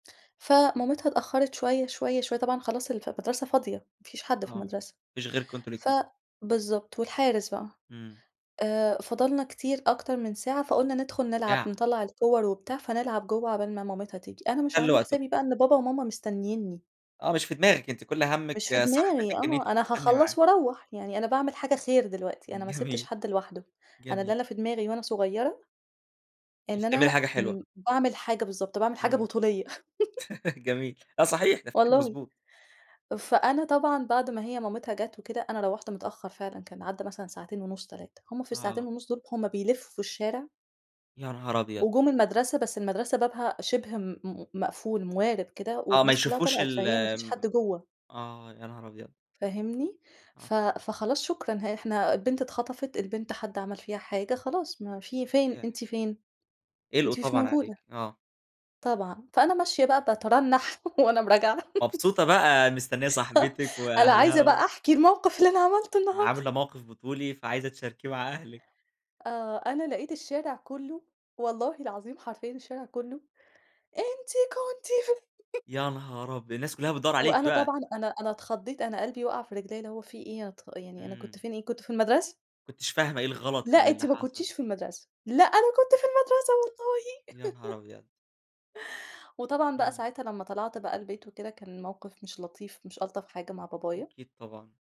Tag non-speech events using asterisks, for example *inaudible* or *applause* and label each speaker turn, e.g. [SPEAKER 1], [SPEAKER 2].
[SPEAKER 1] فمامِتها اتأخّرت شوية، شوية، شوية، طبعًا خلاص الف المَدرسة فاضية، ما فيش حد
[SPEAKER 2] آه.
[SPEAKER 1] في
[SPEAKER 2] ما
[SPEAKER 1] المَدرسة.
[SPEAKER 2] فيش غيركم أنتم
[SPEAKER 1] ف
[SPEAKER 2] الاتنين.
[SPEAKER 1] بالضبط، والحارس بقي.
[SPEAKER 2] إمم.
[SPEAKER 1] آآ فضلنا كتير أكتر من ساعة، فقُلنا ندخل نلعب،
[SPEAKER 2] يع
[SPEAKER 1] نطلّع الكوّر وبتاع فنلعب جوّه عُقبال ما مامِتها تيجي. أنا مش
[SPEAKER 2] تسلّوا
[SPEAKER 1] عاملة
[SPEAKER 2] وقتكم.
[SPEAKER 1] حسابي بقى إن بابا وماما مستنّيني.
[SPEAKER 2] آه. مش في دماغِك، أنتِ كل همِّك
[SPEAKER 1] مش في دماغي
[SPEAKER 2] صاحبتِك إن أنتِ
[SPEAKER 1] آه. أنا
[SPEAKER 2] تستنّي
[SPEAKER 1] هاخلّص
[SPEAKER 2] معاها.
[SPEAKER 1] وأروّح. يعني أنا باعمل حاجة خير دلوقتي، أنا ما سِبتش
[SPEAKER 2] جميل.
[SPEAKER 1] حد لوحده، أنا ده اللي
[SPEAKER 2] جميل.
[SPEAKER 1] أنا في دماغي وأنا صغيرة
[SPEAKER 2] اش
[SPEAKER 1] إن
[SPEAKER 2] تعملي
[SPEAKER 1] أنا
[SPEAKER 2] حاجة حلوة.
[SPEAKER 1] م باعمل حاجة بالضبط. باعمِل حاجة
[SPEAKER 2] إمم.
[SPEAKER 1] بطوليّة. *chuckles*
[SPEAKER 2] *laughs* جميل. آه صحيح، تفكير
[SPEAKER 1] والله.
[SPEAKER 2] مضبوط.
[SPEAKER 1] فأنا طبعًا بعد ما هي مامِتها جات وكده، أنا روّحت متأخّر فعلًا، كان عدّى مثلًا ساعتين ونُص، 3. هم في
[SPEAKER 2] آه.
[SPEAKER 1] الساعتين ونُص دول، هم بيلفّوا الشارع
[SPEAKER 2] يا نهار أبيض!
[SPEAKER 1] وجُم المَدرسة، بس المَدرسة بابها شِبه م م مقفول، موارِب كده
[SPEAKER 2] آه. ما
[SPEAKER 1] والناس كُلّها
[SPEAKER 2] يشوفوش
[SPEAKER 1] طلِعت، فهي ما فيش
[SPEAKER 2] الم
[SPEAKER 1] حد جوّه.
[SPEAKER 2] آه. يا نهار أبيض!
[SPEAKER 1] فاهمني؟
[SPEAKER 2] آه.
[SPEAKER 1] ف فخلاص شكرًا ها إحنا البنت اتخطفت، البنت حد عَمَل فيها حاجة خلاص، ما في فين،
[SPEAKER 2] صحيح.
[SPEAKER 1] أنتِ فين؟
[SPEAKER 2] قِلقوا
[SPEAKER 1] أنتِ مش
[SPEAKER 2] طبعًا
[SPEAKER 1] موجودة.
[SPEAKER 2] عليكِ آه.
[SPEAKER 1] طبعًا. فأنا ماشية بقى باترنّح وأنا م راجعة. *chuckles*
[SPEAKER 2] مبسوطة بقى، مستنيّة
[SPEAKER 1] *chuckles*
[SPEAKER 2] صاحبتِك
[SPEAKER 1] أنا عايزة
[SPEAKER 2] وأهلها و
[SPEAKER 1] بقى أحكي الموقف اللي أنا عملته النهارده.
[SPEAKER 2] عاملة موقف بطولي، فعايزة تشاركيه مع أهلِك.
[SPEAKER 1] آه. أنا لقيت الشارع كُلّه والله العظيم حرفيًا الشارع كُلّه، أنتِ كنتِ في *chuckles*
[SPEAKER 2] يا نهار أبي الناس كُلّها بتدوّر عليكِ
[SPEAKER 1] وأنا
[SPEAKER 2] بقى.
[SPEAKER 1] طبعًا أنا أنا اتخضّيت، أنا قلبي وَقَع في رجليّا، اللي هو في إيه يا ت يعني أنا كنت
[SPEAKER 2] إمم.
[SPEAKER 1] فين إيه! كنت في المَدرسة.
[SPEAKER 2] ما كنتيش فاهمة إيه الغلط
[SPEAKER 1] لأ،
[SPEAKER 2] ال اللي
[SPEAKER 1] أنتِ ما
[SPEAKER 2] حصل.
[SPEAKER 1] كنتيش في المَدرسة، لأ أنا كنت في المدرسة والله.
[SPEAKER 2] يا نهار
[SPEAKER 1] *laughs*
[SPEAKER 2] أبيض!
[SPEAKER 1] وطبعًا بقى
[SPEAKER 2] إمم.
[SPEAKER 1] ساعتها لمّا طَلَعت بقى البيت وكده، كان الموقف مش لطيف، مش ألطف حاجة مع بابايا.
[SPEAKER 2] أكيد طبعًا.